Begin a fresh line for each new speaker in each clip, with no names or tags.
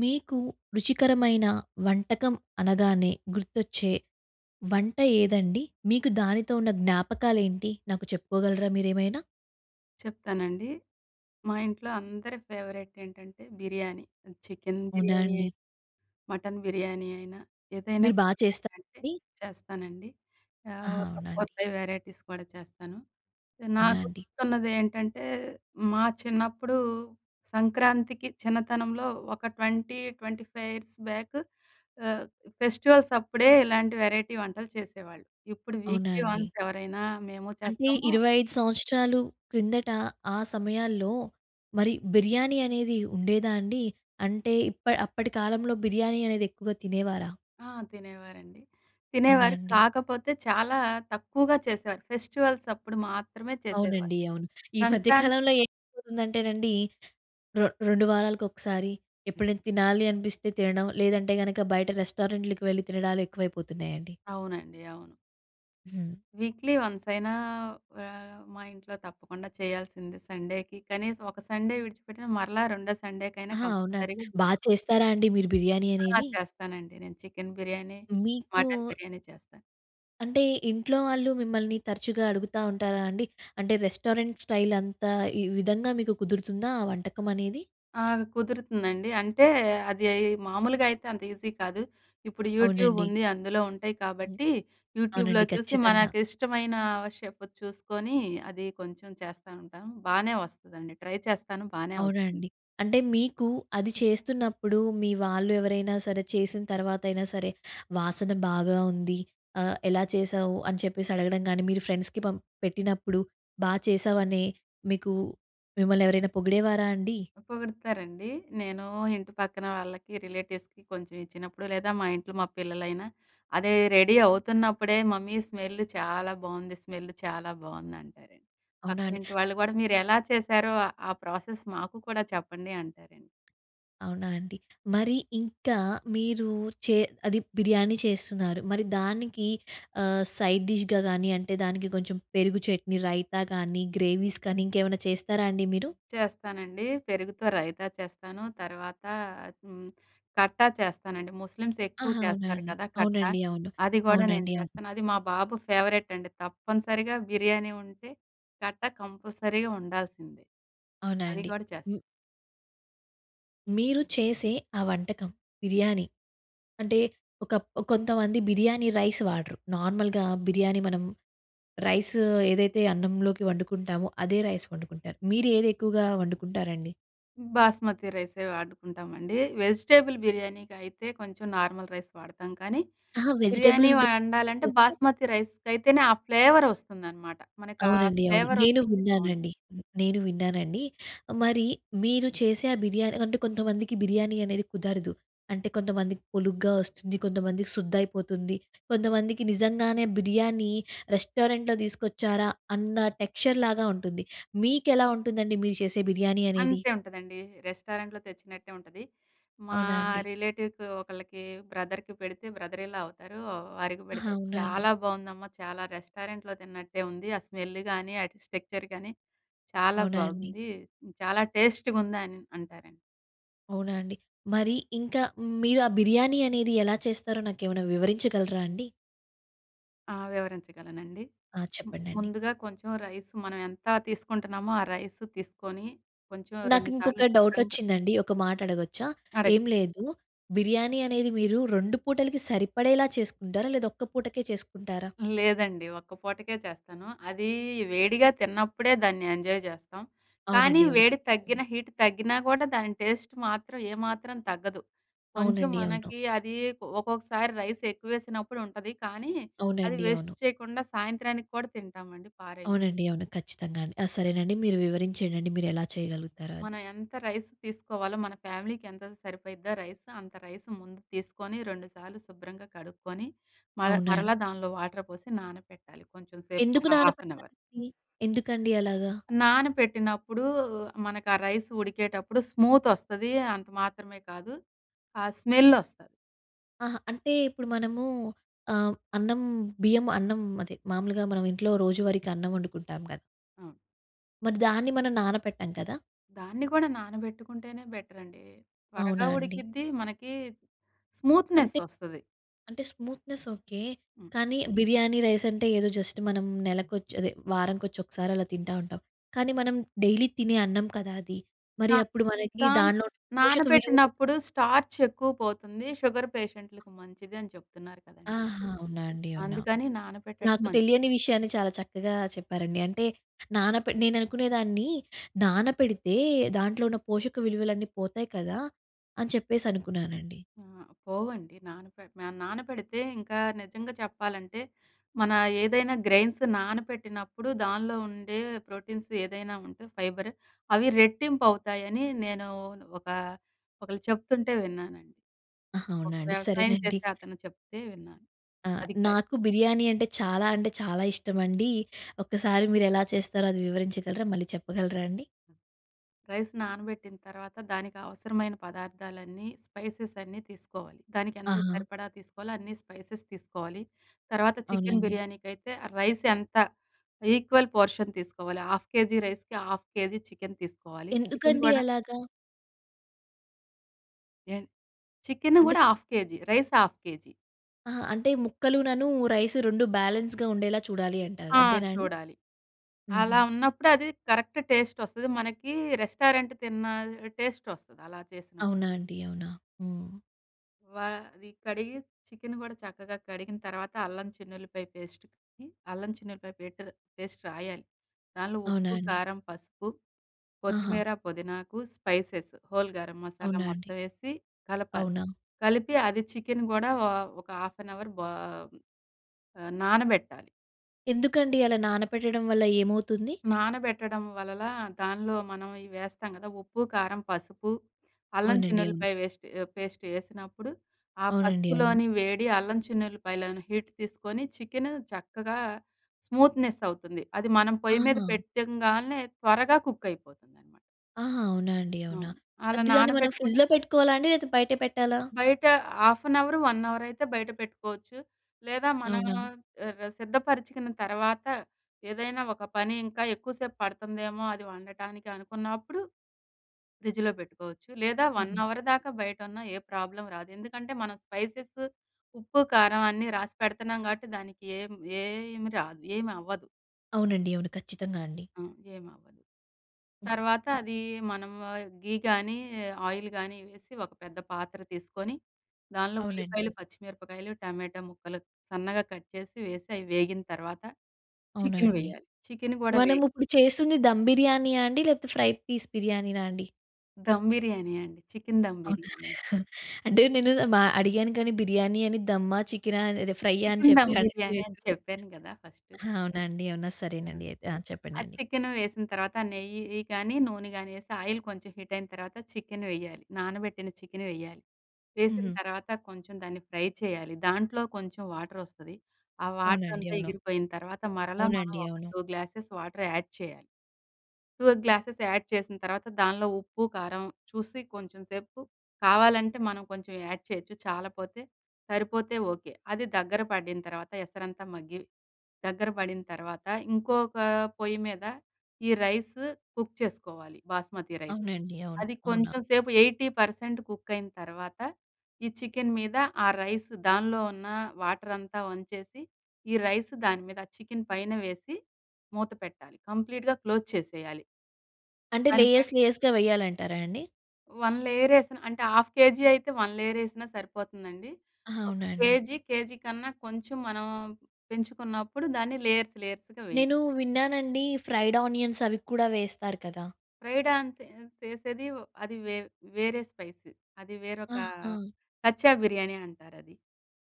మీకూ, రుచికరమైన వంటకం అనగానే, గుర్తొచ్చే వంట ఏదండి? మీకు దానితో ఉన్న జ్ఞాపకాలేంటి? నాకు చెప్పుకోగలరా మీరేమైనా?
చెప్తానండి. మా ఇంట్లో అందరి ఫేవరెట్ ఏంటంటే బిర్యానీ. ఆహ్, చికెన్
అవునా
బిర్యానీ అయి
అండి?
మటన్ బిర్యానీ అయినా, ఏదైనా
మీరు బా
కూడా
చేస్తారా
ఏంటంటే,
అండి?
చేస్తానండి. ఆహ్,
ఆహా!
ఒక
అవునా
ఫోర్
అండి?
ఫైవ్ వెరైటీస్ కూడా చేస్తాను.
అవునా
నాకు
అండి?
గుర్తున్నదేంటంటే, మా చిన్నప్పుడూ, సంక్రాంతికి చిన్నతనంలో ఒక 20, 25 ఇయర్స్ బ్యాకు, ఆహ్, ఫెస్టివల్సప్పుడే ఇలాంటి వెరైటీ వంటలు చేసేవాళ్ళు. ఇప్పుడు
అవునా
వీక్లీ
అండి?
వన్స్ ఎవరైనా, మేము
అంటే
చేస్తామూ
25 సంవత్సరాలు క్రిందట, ఆ సమయాల్లో, మరి బిర్యానీ అనేది ఉండేదా అండి? అంటే ఇప్ప అప్పడి కాలంలో, బిర్యానీ అనేది ఎక్కువగా తినేవారా?
ఆ! తినేవారండి.
అవునా
తినేవారు,
అండి?
కాకపోతే చాలా తక్కువగా చేసేవారు. ఫెస్టివల్సప్పుడు మాత్రమే చేసేవారు.
అవునండి. అవును. ఈ మధ్య
సంక్రాంతి
కాలంలో ఏమైపోతుందంటేనండీ, రొ రొండు వారాలకొకసారి, ఎప్పుడైనా తినాలి అనిపిస్తే తినడం. లేదంటే గనుక, బయట రెస్టారెంట్లుకి వెళ్ళి తినడాలెక్కువైపోతున్నాయండి.
అవునండి. అవును.
హ్మ్.
వీక్లీ వన్సయినా ఆహ్, మా ఇంట్లో తప్పకుండా చేయాల్సిందే సండేకి కనీసం ఒక సండే విడిచిపెట్టిన, మరలా రెండో సండే‌కైనా
అహా! అవునా,
కంపల్సరీగ
బా చేస్తారా అండి మీరు బిర్యానీ
ఆ!
అనేది.
చేస్తానండి నేను చికెన్ బిర్యానీ,
మీకూ
మటన్ బిర్యానీ చేస్తాను.
అంటే ఇంట్లో వాళ్ళు మిమ్మల్ని తరచుగా అడుగుతా ఉంటారా అండి. అంటే రెస్టారెంట్ స్టైల్ అంతా ఈ విధంగా మీకు కుదురుతుందా? ఆ వంటకం అనేది?
ఆ! కుదురుతుందండి. అంటే అది మామూలుగా అయితే అంత ఈజీ కాదు. ఇప్పుడు యూట్యూబ్
అవునండి.
ఉంది, అందులో ఉంటాయి
హ్మ్.
కాబట్టి యూట్యూబ్‍లో
అవునండి
చూసి
ఖచ్చితంగా.
మనకు ఇష్టమైన ఓ షెఫుది చూసుకొని అది కొంచెం చేస్తా ఉంటాం. బానే వస్తుందండి ట్రై చేస్తాను, బానే
అవునా
వస్తుంది.
అండి. అంటే మీకు అది చేస్తున్నప్పుడు, మీ వాళ్ళు ఎవరైనా సరే చేసిన తర్వాత అయినా సరే. వాసన బాగా ఉంది ఆహ్, ఎలా చేసావు, అని చెప్పేసి అడగడం కానీ మీరు ఫ్రెండ్స్‌కి పం పెట్టినప్పుడు, బాగా చేశావనే మీకూ మిమ్మల్ని ఎవరైనా పొగిడేవారా అండి?
పొగుడుతారండి. నేను ఇంటి పక్కన వాళ్ళకి, రిలేటివ్స్‌కి కొంచెం ఇచ్చినప్పుడు. లేదా మా ఇంట్లో మా పిల్లలైనా అదే రెడీ అవుతున్నప్పుడే "మమ్మీ స్మెల్ చాలా బాగుంది! స్మెల్ చాలా బాగుంది" అంటారండి.
అవునా అండి.
పక్కనింటి వాళ్ళు కూడా "మీరు ఎలా చేశారో, ఆ ప్రాసెస్ మాకు కూడా చెప్పండి" అంటారండి.
అవునా అండి. మరి ఇంకా మీరు చే అది బిర్యానీ చేస్తున్నారు, మరి దానికి ఆహ్, సైడ్ డిష్‍గా గానీ, అంటే దానికి కొంచెం పెరుగు చట్నీ, రైతా గానీ, గ్రేవీస్ కానీ ఇంకేమన్నా చేస్తారా అండి మీరు?
చేస్తానండి. పెరుగుతో రైతా చేస్తాను తర్వాత హ్మ్, కట్టా చేస్తానండి. ముస్లిమ్స్ ఎక్కువ
ఆహా! అవునా
చేస్తారు
అండి.
కదా, కట్టా.
అవునండి అవును.
అది గుడా నేను
అవునండి అవును.
చేస్తాను. అది మా బాబు ఫేవరెట్ అండి తప్పనిసరిగా బిర్యానీ ఉంటే కట్టా కంపల్సరీగా ఉండాల్సిందె.
అవునా
అది
అండి.
గుడ చేస్త
మీరు చేసే ఆ వంటకం బిర్యానీ. అంటే, ఒకప్ కొంతమంది బిర్యానీ రైస్ వాడరు. నార్మల్‌గా బిర్యానీ మనం రైస్ ఏదైతే అన్నంలోకి వండుకుంటామో, అదే రైస్ వండుకుంటారు. మీరు ఏది ఎక్కువగా వండుకుంటారండి?
బాస్మతి రైసే వాడుకుంటామండి. వెజిటబుల్ బిర్యానీకి అయితే కొంచెం నార్మల్ రైస్ వాడతాం కానీ,
ఆహా! వెజిటేబుల్
బిర్యానీ
బిరియాని కూడా
వండాలంటే
చేస్తారు.
బాస్మతి రైస్ అయితేనే, ఆ ఫ్లేవర్ వస్తుందనమాట. మనకు ఆ
అవునండి, అవును.
ఫ్లేవర్
నేను
వస్తుంది బావుంటుంది.
విన్నానండి నేను విన్నానండి. మరి మీరు చేసే ఆ బిర్యానీ అంటే, కొంతమందికి బిర్యానీ అనేది కుదరదు. అంటే, కొంతమందికి పొలుగ్గా వస్తుంది, కొంతమందికి శుద్ధ అయిపోతుంది, కొంతమందికి నిజంగానే బిర్యానీ రెస్టారెంట్‍లో తీసుకొచ్చారా! అన్న టెక్స్చర్‌లాగా ఉంటుంది. మీకెలా ఉంటుందండి మీరు చేసే బిర్యానీ అనేది?
అంతే ఉంటుందండి. రెస్టారెంట్‍లో తెచ్చినట్టే ఉంటుంది. మా
అవునా అండి!
రిలేటివ్‌కి ఒకళ్ళకి బ్రదర్‍కి పెడితే బ్రదర్ ఇన్ లా అవుతారు. వారికి
ఆహా!
పెడితే,
అవునా అండి!
"చాలా బాగుందమ్మా, చాలా రెస్టారెంట్‍లో తిన్నట్టే ఉంది. ఆ స్మెల్ కానీ, ఆ స్ట్రక్చర్ కానీ, చాలా
అవునా అండి!
బాగుంది. చాలా టేస్ట్‌గా ఉంది" అని అంటారండి.
అవునా అండి? మరి ఇంకా మీరు ఆ బిర్యానీ అనేది ఎలా చేస్తారో నాకేమైనా వివరించగలరా అండి?
ఆహ్, వివరించగలనండి.
ఆహ్,
ము
చెప్పండండి.
ముందుగా కొంచెం రైస్ మనం ఎంత తీసుకుంటున్నామో, ఆ రైస్ తీసుకొని కొంచెం
నాకు
2 సార్లు
ఇంకొక డౌట్
శుభ్రంగా
వచ్చిందండి. ఒక మాట అడగొచ్చా?
కరెక్ట్.
ఏం లేదు. బిర్యానీ అనేది మీరు రొండు పూటలకి సరిపడేలా చేస్కుంటారా? లేదా ఒక్క పూటకే చేస్కుంటారా?
లేదండి ఒక్క పూటకే చేస్తాను. అది వేడిగా తిన్నప్పుడే దాన్ని ఎంజాయ్ చేస్తాం. కానీ
అవునండి.
వేడి
అవును.
తగ్గినా, హీట్ తగ్గినా కూడా దాని టేస్ట్ మాత్రం, ఏ మాత్రం తగ్గదు. కొంచెం
అవునండి. అవును.
మనకి అది ఒక్కొక్కసారి రైస్ ఎక్కువ వేసినప్పుడు ఉంటది. కానీ అది
అవునండి.
వేస్ట్
అవును.
చేయకుండా సాయంత్రానికి కూడా తింటామండి, పారేయం.
అవునండి. అవును. ఖచ్చితంగా అండి. ఆహ్, సరేనండి మీరు వివరించేండండి. మీరు ఎలా చేయగలుగుతారో అది.
మనం ఎంత రైస్ తీసుకోవాలో మన ఫ్యామిలీకి ఎంతైతే సరిపోయిద్దో రైస్ అంత రైస్ ముందు తీసుకొని, 2 సార్లు శుభ్రంగా కడుక్కొని, మర్
అవునా అండి?
మరలా దాంట్లో వాటర్ పోసి నానపెట్టాలి కొంచెం సేపు
ఎందుకు
ఒక హాఫ్ అన్ హౌర్.
నానపెడతారండి? ఎందుకండి అలాగ?
నానపెట్టినప్పుడు మనకు ఆ రైస్ ఉడికేటప్పుడు స్మూత్ వస్తది. అంత మాత్రమే కాదు ఆహ్, స్మెల్ వస్తది.
ఆహా! అంటే ఇప్పుడు మనము ఆహ్, అన్నం బియ్యం అన్నం అదే మామూలుగా మనం ఇంట్లో రోజువారికి అన్నం వండుకుంటాం క
ఆ!
మరి దాన్ని మనం నానపెట్టం కదా!
దాన్ని కూడా నానబెట్టుకుంటేనే బెటర్ అండి. త్వరగా
అవునా అండి?
ఉడికిద్ది, మనకి స్మూత్‌నెస్
అంటె
వస్తది.
అంటే స్మూత్‍నెస్ ఓకే.
హ్మ్.
కానీ, బిర్యానీ రైస్ అంటే, ఏదో జస్ట్ మనం నెలకొచ్చ్ అదే వారంకొచ్చి ఒకసారి అలా తింటా ఉంటాం. కానీ, మనం డైలీ తినే అన్నం కదా అది.
ద
మరి అప్పుడు మనకి
దాన్
దాన్లో ఉండే పోషక విలువలు
నానబెట్టినప్పుడు స్టార్చ్ ఎక్కువ పోతుంది. షుగర్ పేషెంట్‌లుకి మంచిది అని చెప్తున్నారు కదండి
ఆహా!
ఇప్పుడు.
అవునాండి అవునా!
అందుకని నానబెట్టడం
నాకు
మం
తెలియని విషయాన్ని చాలా చక్కగా చెప్పారండి. అంటే నానపె నేను అనుకునేదాన్ని నానపెడితే, దాంట్లో ఉన్న పోషక విలువలన్నీ పోతాయి కదా! అని చెప్పేసి అనుకున్నానండి.
ఆ! పోవండి నానపె నానపెడితే ఇంకా నిజంగా చెప్పాలంటే, మన ఏదైనా గ్రేయిన్స్ నానబెట్టినప్పుడు దానిలో ఉండే ప్రోటీన్స్ ఏదైనా ఉంటే, ఫైబరు అవి రెట్టింపు అవుతాయని, నేను ఒక ఒకళ్ళు చెప్తుంటే విన్నానండి.
ఆహా!
ఒక
అవునా అండి.
వ్యవసాయం
సరేనండి.
చేసే అతను చెప్తే విన్నాను.
ఆ!
అదికాయ్
నాకు బిర్యానీ అంటే, చాలా అంటే చాలా ఇష్టమండీ. ఒకసారి మీరు ఎలా చేస్తారో అది వివరించగలరా? మళ్ళీ చెప్పగలరా అండి?
రైస్ నానబెట్టిన తర్వాత, దానికి అవసరమైన పదార్థాలన్నీ స్పైసెస్ అన్నీ తీసుకోవాలి. దానికి ఎంత
ఆహా!
సరిపడా తీసుకోవాలో అన్నీ స్పైసెస్ తీసుకోవాలి. తర్వాత చికెన్
అవునండి.
బిర్యానీకైతే రైస్ ఎంత ఈక్వల్ పోర్షన్ తీసుకోవాలి. ½ కేజీ రైస్‍కి, ½ కేజీ చికెన్ తీసుకోవాలి. చికెన్
ఎందుకండి
కూడా
అలాగా?
ఎన్ చికెన్
అంటే
కూడా half KG. Rice half KG.
అహా! అంటే ముక్కలనను రైసు, 2 బ్యాలెన్స్‌గా ఉండేలా చూడాలి అంటారు.
ఆ!
అంతేనా అండి?
చూడాలి.
హుహు.
అలా ఉన్నప్పుడు అది కరెక్ట్ టేస్ట్ ఒస్తది. మనకి రెస్టారెంట్ తిన్న టేస్ట్ ఒస్తది. అలా చేసినప్పుడు.
అవునా అండీ! అవునా! హ్మ్.
వ అది కడిగి, చికెన్ కూడా చక్కగా కడిగిన తర్వాత అల్లం చిన్ను‌ల్లిపాయ పేస్టేసి, అల్లం చిన్ను‌ల్లిపాయ పెటర్ పేస్ట్ రాయాలి. దానిలో
అవునా
ఉప్పు,
అండి!
కారం, పసుపు,
ఆహా!
కొత్తిమీర, పుదీనాకు, స్పైసెస్, హోల్ గరం మసాలా
అవునా అండీ!
మొత్తం వేసి కలపాలి.
అవునా!
కలిపి అది చికెన్ కూడా ఓ ఒక హాఫ్ అన్ అవర్ బో ఆహ్, నానబెట్టాలి.
ఎందుకండి? అలా నానపెట్టడం వల్ల ఏమవుతుంది?
నానబెట్టడం వలన దానిలో మనం ఇవేస్తాం కదా! ఉప్పు, కారం, పసుపు, అల్లం
అవునండి అవును.
చిన్ను‌ల్లిపాయ వేస్ట్ పేస్ట్ వేసినప్పుడు, ఆ
అవునండి అవును.
పసుపులోని వేడి అల్లం చిన్ను‌ల్లిపాయలోని హీట్ తీసుకొని చికెన్ చక్కగా స్మూత్‌నెస్ అవుతుంది. అది మనం పొయ్యి మీద
ఆహా!
పెట్టంగానే త్వరగా కుక్ అయిపోతుందనమాట.
ఆహా! అవునా అండి, అవునా!
అవును. అలా
అది దాన్ని మనం
నానబెట్టుకున్న
ఫ్రిడ్జ్‌లో పెట్టుకోవాలా అండి? లేతే బయటే పెట్టాలా?
బయట హాఫ్ ఎన్ అవర్, 1 అవర్ అయితే బయట పెట్టుకోవచ్చు, లేదా మనం
అవునా!
ఆహ్, సిద్ధపరచుకున్న తర్వాత ఏదైనా ఒక పని ఇంకా ఎక్కువసేపు పడుతుందేమో అది వండటానికి అనుకున్నప్పుడు. ఫ్రిడ్జ్‌లో పెట్టుకోవచ్చు. లేదా 1
హుహు.
అవర్ దాకా బయటున్న ఏ ప్రాబ్లమ్ రాదు. ఎందుకంటే మనం స్పైసెస్, ఉప్పు, కారం అన్నీ రాసి పెడుతున్నాం కాబట్టి, దానికి ఏం ఏం రాదు ఏమవ్వదు.
అవునండి, అవును. ఖచ్చితంగా అండి.
అ! ఏమి అవ్వదు. తర్వాత అది మనం ఘీ గాని, ఆయిల్ కానీ వేసి, ఒక పెద్ద పాత్ర తీసుకొని, దాన్లో
అవునండి,
ఉల్లిపాయలు,
అవును.
పచ్చి మిరపకాయలు, టమాటా ముక్కలు సన్నగా కట్ చేసి, వేసి, అవి వేగిన తర్వాత,
అవునా
చికెన్
అండి.
వేయాలి. చికెన్ కూడా వే
మనం ఇప్పుడు చేస్తుంది దమ్ బిర్యానీయా అండి. లేకపోతే ఫ్రై పీస్ బిర్యానీనా అండి.
ధమ్ బిర్యానీ అండి. చికెన్ ధమ్
అవునా?
బిర్యానీ.
అంటే నేను మా అడిగాను కానీ బిర్యానీ అని దమ్మా, చికెన్ అదే ఫ్రై అని
చికెన్
చెప్పి
ధమ్ బిర్యానీ
అడగలేదు.
అని చెప్పాను కదా! ఫస్టు.
ఆ! అవునా అండి? అవునా! సరేనండి అయితే. ఆ!
ఆ
చెప్పండండి.
చికెన్ వేసిన తర్వాత, నెయ్యి కానీ నూనె కానీ వేసి, ఆయిల్ కొంచెం హీట్ అయిన తర్వాత చికెన్ వేయాలి. నానబెట్టిన చికెన్ వేయ్యాలి. వేసిన
హుహు.
తర్వాత, కొంచెం దాన్ని ఫ్రై చేయాలి. దాంట్లో కొంచెం వాటర్ వస్తది. ఆ వాటర్
అవునండి,
అంతా
అవును.
ఇగిరిపోయిన తర్వాత, మరల మనం
అవునండి,
ఒక
అవును.
2 గ్లాసెస్ వాటర్ యాడ్ చేయాలి. 2 గ్లాసెస్ యాడ్ చేసిన తర్వాత, దానిలో ఉప్పు, కారం చూసి కొంచెంసేపు కావాలంటే మనం కొంచెం యాడ్ చేయొచ్చు. చాలా పోతే సరిపోతే ఓకే. అది దగ్గర పడిన తర్వాత, ఎసరంతా మగ్గి దగ్గర పడిన తర్వాత, ఇంకొక పొయ్యి మీద, ఈ రైస్ కుక్ చేసుకోవాలి. బాస్మతి రైస్
అవునండి, అవును.
అది
అవునా?
కొంచెం సేపు 80% కుక్ అయిన తర్వాత, ఈ చికెన్ మీద ఆ రైస్ దానిలో ఉన్న వాటర్ అంతా వంచేసి, ఈ రైస్ దాని మీద చికెన్ పైన వేసి, మూత పెట్టాలి. కంప్లీట్‌గా క్లోజ్ చేసేయాలి.
అంటే,
దానిపై
లేయర్స్ లేయర్స్‌గా వేయాలంటారా అండి?
వన్ లేయర్ వేసిన, అంటే 1/2 అయితే, వన్ లేయర్ వేసినా సరిపోతుందండి.
ఆహా!
ఒక
అవునండి.
కేజీ కేజీ కన్నా కొంచెం మనం పెంచుకున్నప్పుడు, దాన్ని లేయర్స్ లేయర్స్‌గా వేయాలి.
నేను విన్నానండి, ఫ్రైడ్ ఆనియన్స్ అవి కూడా వేస్తారు కదా!
ఫ్రై డాన్స్ చేసేది అది వే వేరే స్పైసీ. అది వేరొక
ఆహా!
కచ్చా బిర్యానీ అంటారు అది.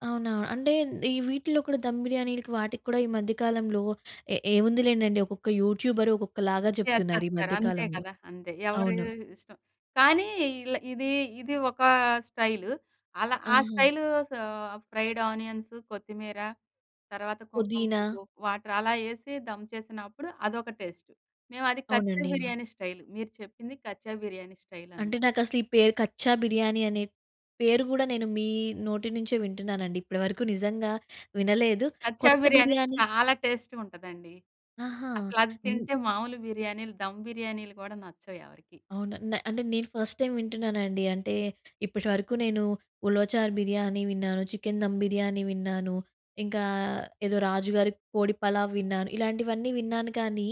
అవునా! అంటే ఈ వీటిల్లో కూడా, దమ్ బిర్యానీలకి వాటికి కూడా ఈ మధ్యకాలంలో ఏ ఏముందిలేండండి, ఒక్కొక్క యూట్యూబర్ ఒక్కొక్కలాగా
షేర్
చెప్తున్నారు. ఈ
చేస్తారు అంతే
మధ్యకాలంలో.
కదా. అంతే ఎవరి
అవును.
ఇష్టం కానీ, ఇల ఇది, ఇది ఒక స్టైల్. అలా ఆ
ఆహా!
స్టైల్ స ఫ్రైడ్ ఆనియన్స్, కొత్తిమీర తర్వాత కుంకుమ
పుదీనా.
పువ్వు వాటర్ అలా వేసి దమ్ చేసినప్పుడు, అదొక టేస్ట్. మేము అది కచ్చా
అవునండి, అవును.
బిర్యానీ స్టైల్. మీరు చెప్పింది కచ్చా బిర్యానీ స్టైల్
అంటే,
అనమాట.
నాకు అసలు ఈ పేరు కచ్చా బిర్యానీ అనే పేరు గూడా, నేను మీ నోటి నుంచే వింటున్నానండి. ఇప్పటివరకు నిజంగా వినలేదు.
కచ్చా
కొత్త
బిర్యానీ
బిర్యానీ
చాలా టేస్ట్‌గ ఉంటదండి.
ఆహా!
అసలు అది
హ్మ్.
తింటే మామూలు బిర్యానీలు, దమ్ బిర్యానీలు కూడా నచ్చవు ఎవరికీ.
అవునా! న్ అంటే నేను ఫస్ట్ టైమ్ వింటున్నానండి. అంటే, ఇప్పటివరకు నేను 'ఉలవచార్ బిర్యానీ' విన్నాను, చికెన్ దమ్ బిర్యానీ విన్నాను, ఇంకా ఏదో 'రాజుగారి కోడి పలావ్' విన్నాను ఇలాంటివన్నీ విన్నాను కానీ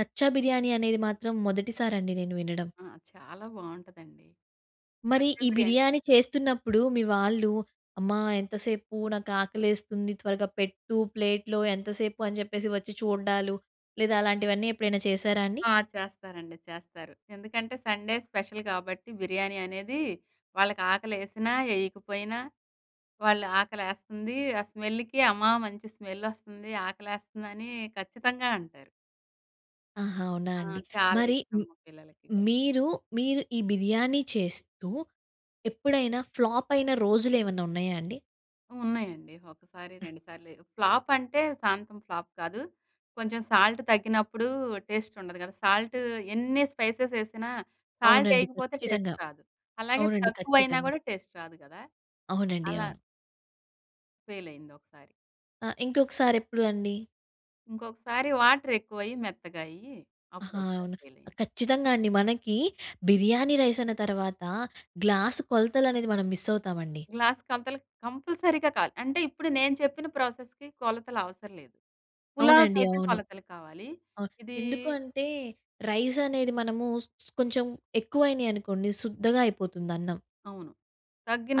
కచ్చా బిర్యానీ, అనేది మాత్రం మొదటిసారి అండి నేను వినడం.
ఆ! చాలా బాగుంటుందండి.
మరి,
కచ్చా
ఈ
బిర్యానీ.
బిర్యానీ చేస్తున్నప్పుడు మీ వాళ్ళు అమ్మా ఎంతసేపు? నాకు ఆకలేస్తుంది త్వరగా పెట్టు ప్లేట్‌లో ఎంతసేపు? అని చెప్పేసి వచ్చి చూడడాలు, లేదా అలాంటివన్నీ ఎప్పుడైనా చేశారా అండి?
ఆ! చేస్తారండి, చేస్తారు. ఎందుకంటే, సండే స్పెషల్ కాబట్టి బిర్యానీ అనేది. వాళ్ళకి ఆకలి యేసినా, యేయకపోయినా వాళ్ళు ఆకలి యేస్తుంది ఆ స్మెల్‌కి, "అమ్మా మంచి స్మెల్ వస్తుంది, ఆకలేస్తుందని" ఖచ్చితంగా అంటారు.
ఆహా! అవునా
ఆ!
అండి?
చాలా
మరి
ఇష్టం
మ్
మా పిల్లలకి.
మీరు, మీరు ఈ బిర్యానీ చేస్తూ, ఎప్పుడైనా ఫ్లాపై న రోజులేమన్నా ఉన్నాయా అండి?
ఉన్నాయండి. ఒకసారి, రెండుసార్లేయో ఫ్లాపంటే, శాంతం ఫ్లాప్ కాదు. కొంచెం సాల్ట్ తగ్గినప్పుడూ, టేస్టుండదు గదా! సాల్టు ఎన్ని స్పైసెసేసినా,
అవునండి,
సాల్టేయకపోతే టేస్ట్
ఖచ్చితంగా.
రాదు. అలాగే
అవునండి,
తక్కువయినా
ఖచ్చితంగా.
గూడా, టేస్ట్ రాదు గదా!
అవునండి.
అలా
అవును.
ఫెయిలయిందొకసారి.
అ! ఇంకొకసారెప్పుడు అండి?
ఇంకొకసారి, వాటరెక్కువయ్యి మెత్తగా అయ్యీ,
ఆహా!
అప్పుడొకసారి
అవునా! ఆహ్,
ఫెయిలయింది.
ఖచ్చితంగా అండి. మనకీ బిర్యానీ రైసన్న తరవాతా, గ్లాసు కొలతలనేది మనం మిస్ అవుతామండి.
గ్లాస్ కంతలకు కంపల్సరీగా కావాలి అంటే ఇప్పుడు, నేను చెప్పిన ప్రాసెస్‌కి కొలతలవసర లేదు.
అవునండి.
పులావ్‌కైతే
అవును.
కొలతలు కావాలి.
అవును.
ఇదీ
ఎందుకు అంటే, రైసనేది మనమూ స్ స్ కొంచెం ఎక్కువైనియి అనుకోండి శుద్దగా అయిపోతుందన్నం.
అవును.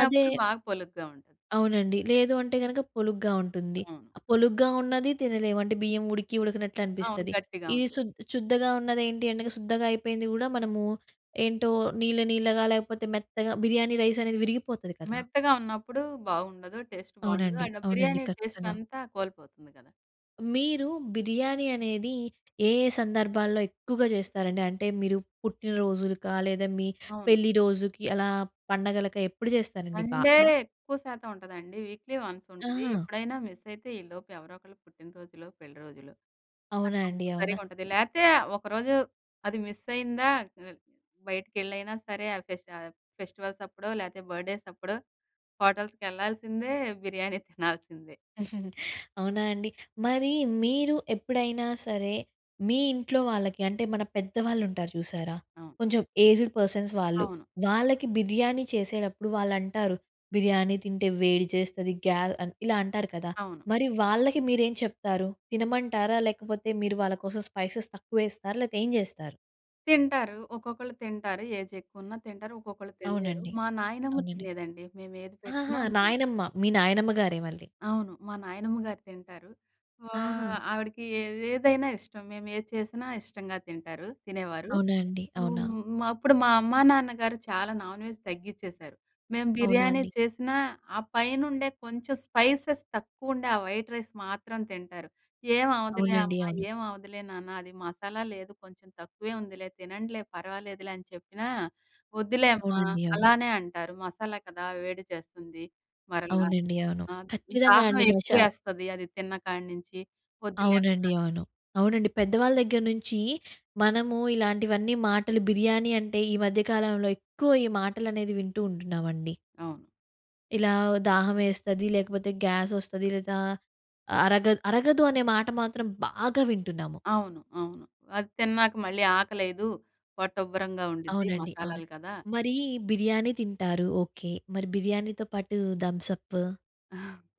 అదే
బాగ పొలుగ్గా ఉంటది.
అవునండి. లేదు అంటే గనక, పొలుగ్గా ఉంటుంది.
అవును.
ఆహ్, పొలుగ్గా ఉన్నదీ తినలేం, అంటే బియ్యం ఉడికి
అవును,
ఉడికనట్లనిపిస్తది.
గట్టిగా
ఇది
ఉంటుంది.
శుద్ శుద్దగా ఉన్నదేంటి అంటగా, శుద్ధగా అయిపోయింది గూడా మనమూ, ఏంటో నీళ్ళనీళ్ళగా, లేకపోతే మెత్తగా, బిర్యానీ రైసనేది విరిగిపోతది కదా!
మెత్తగా ఉన్నప్పుడు బావుండదు. టేస్ట్ బావుండదు.
అవునండి.
అయినా
అవునండి.
బిర్యానీ
ఖచ్చితంగా.
టేస్టంతా కోల్పోతుంది గదా!
మీరు బిర్యానీ అనేది ఏ ఏ సందర్భాల్లో ఎక్కువగా చేస్తారండి, అంటే మీరు పుట్టిన రోజులకా లేదా మీ
అవును.
పెళ్ళి రోజుకి అలా పండగలకా ఎప్పుడు చేస్తారండి
సండే
బాగా?
ఎక్కువ శాతం ఉంటదండి. వీక్లీ వన్స్ ఉంటది.
ఆహా!
ఎప్పుడైనా మిస్ అయితే ఈలోపు ఎవరో ఒకళ్ళు పుట్టిన రోజులు, పెళ్లి రోజులు
అవునా అండి.
[unintelligible]
అవునా.
సరిగ్గా ఉంటది. లేతే ఒకరోజు అది మిస్ అయిందా, ఆ! బైటకెళ్ళైయిన సరే ఫెస్ట్ ఆహ్, ఫెస్టివల్స్ అప్పుడో లేతే బర్త్‌డేస్ అప్పుడో హోటల్స్‌కి వెళ్ళాల్సిందే బిర్యానీ తినాల్సిందే.
అవునా అండి. మరి మీరు ఎప్పుడైనా సరే, మీ ఇంట్లో వాళ్ళకి అంటే మన పెద్దవాళ్ళు ఉంటారు చూశారా?
అవును.
కొంచెం ఏజ్డ్ పర్సన్స్ వాళ్ళు.
అవును.
వాళ్ళకి బిర్యానీ చేసేటప్పుడు వాళ్ళు అంటారు "బిర్యానీ తింటే వేడి చేస్తది గ్యా" ఆహ్, ఇలా అంటారు కదా.
అవును.
మరి వాళ్ళకి మీరేం చెప్తారు. తినమంటారా? లేకపోతే మీరు వాళ్ళ కోసం స్పైసెస్ తక్కువ వేస్తారా లేకపోతే ఏం చేస్తారు?
తింటారు. ఒక్కొక్కళ్ళు తింటారు. ఏజ్ ఎక్కువున్నా తింటారు. ఒక్కొక్కళ్ళు తినలేరు.
అవునండి.
మా నాయనమ్మ
అవునండి.
తినేదండి మేము ఏది
ఆహాహా!
పెట్టినా, మా నా
నాయనమ్మ, మీ నాయనమ్మ గారే మళ్ళీ.
అవును. మా నాయనమ్మ గారు తింటారు.
ఆహా!
ఓహ్! ఆవిడకి ఏదైనా ఇష్టం. మేము ఏది చేసినా ఇష్టంగా తింటారు తినేవారు.
అవునా అండి. అవునా?
హ్మ్, మా అప్పుడు మా అమ్మా, నాన్నగారు చాలా నాన్‍వెజ్ తగ్గిచ్చేసారు. మేము
అవునా
బిర్యానీ
అండి.
చేసినా, ఆ పైనుండే కొంచెం స్పైసెస్ తక్కువ ఉండే, ఆ వైట్ రైస్ మాత్రం తింటారు. "ఏమవ్వదులే
అవునండి.
అమ్మా,
అవును.
ఏమి అవ్వదులే నాన్న అది మసాలా లేదు కొంచెం తక్కువే ఉందిలే, తినండిలే పర్వాలేదులే" అని చెప్పినా! వద్దులే అమ్మా
అవునండి. అవును.
అలానే అంటారు మసాలా కదా వేడి చేస్తుంది. మరలా
అవునండి. అవును.
ఆహ్,
ఖచ్చితంగా
దాహం
అండి
ఎక్కువ
మషాల
వేస్తది అది తిన్న కాడనుంచి వద్దులే అమ్మ
అవునండి. అవును. అవునండి. పెద్దవాళ్ళ దగ్గర నుంచి మనము ఇలాంటివన్నీ మాటలు బిర్యానీ అంటే ఈ మధ్య కాలంలో ఎక్కువ ఈ మాటలు అనేది వింటూ ఉంటున్నామండి.
అవును.
ఇలా దాహం వేస్తది. లేకపోతే, గ్యాసొస్తది, లేదా అరగ అరగదు అనే మాట మాత్రం బాగా వింటున్నాము.
అవును. అవును. అది తిన్నాక మళ్ళీ ఆకలేయదు. పొట్ట ఉబ్బరంగా ఉండుద్ది
అవునండి. అవును.
మసాలాలు కదా!
మరి బిర్యానీ తింటారు. ఓకే. మరి బిర్యానీతో పాటు Thums Up,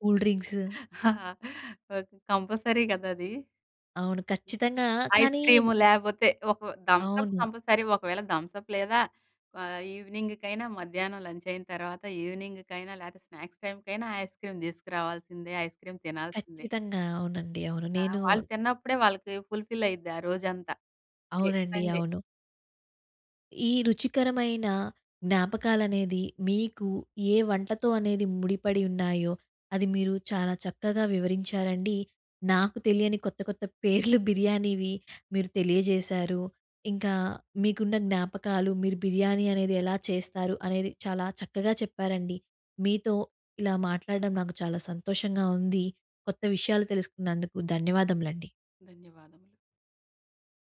cool drinks?
Okay. Compulsory కదా అది.
అవును. ఖచ్చితంగా. కానీ
ఐస్‌క్రీమ్ లేకపోతే, ఒక థమ్సప్
అవును.
కంపల్సరీ. ఒకవేళ థమ్సప్ లేదా ఆహ్, ఈవినింగ్‌కైనా మధ్యాహ్నం లంచ్ అయిన తర్వాత, ఈవినింగ్‌కైనా లేకపోతే, స్నాక్స్ టైమ్‌కైనా ఐస్‌క్రీమ్ తీసుకురావాల్సిందే. ఐస్‌క్రీమ్ తినాల్సిందే.
ఖచ్చితంగా. అవునండి. అవును.
ఆ!
నేను
వాళ్ళు తిన్నప్పుడే వాళ్ళకి ఫుల్‌ఫిల్ అయిద్ది ఆ రోజంతా. డే
అవునండి.
సండే.
అవును. ఈ రుచికరమైన జ్ఞాపకాలనేది, మీకు ఏ వంటతో అనేది ముడిపడి ఉన్నాయో, అది మీరు చాలా చక్కగా వివరించారండి. నాకు తెలియని కొత్త, కొత్త పేర్లు బిర్యానీవి మీరు తెలియజేశారు. ఇంకా మీకున్న జ్ఞాపకాలు, మీరు బిర్యానీ అనేది ఎలా చేస్తారు, అనేది చాలా చక్కగా చెప్పారండి. మీతో ఇలా మాట్లాడడం నాకు చాలా సంతోషంగా ఉంది. కొత్త విషయాలు తెలుసుకున్నందుకు. ధన్యవాదములండి.
ధన్యవాదములు.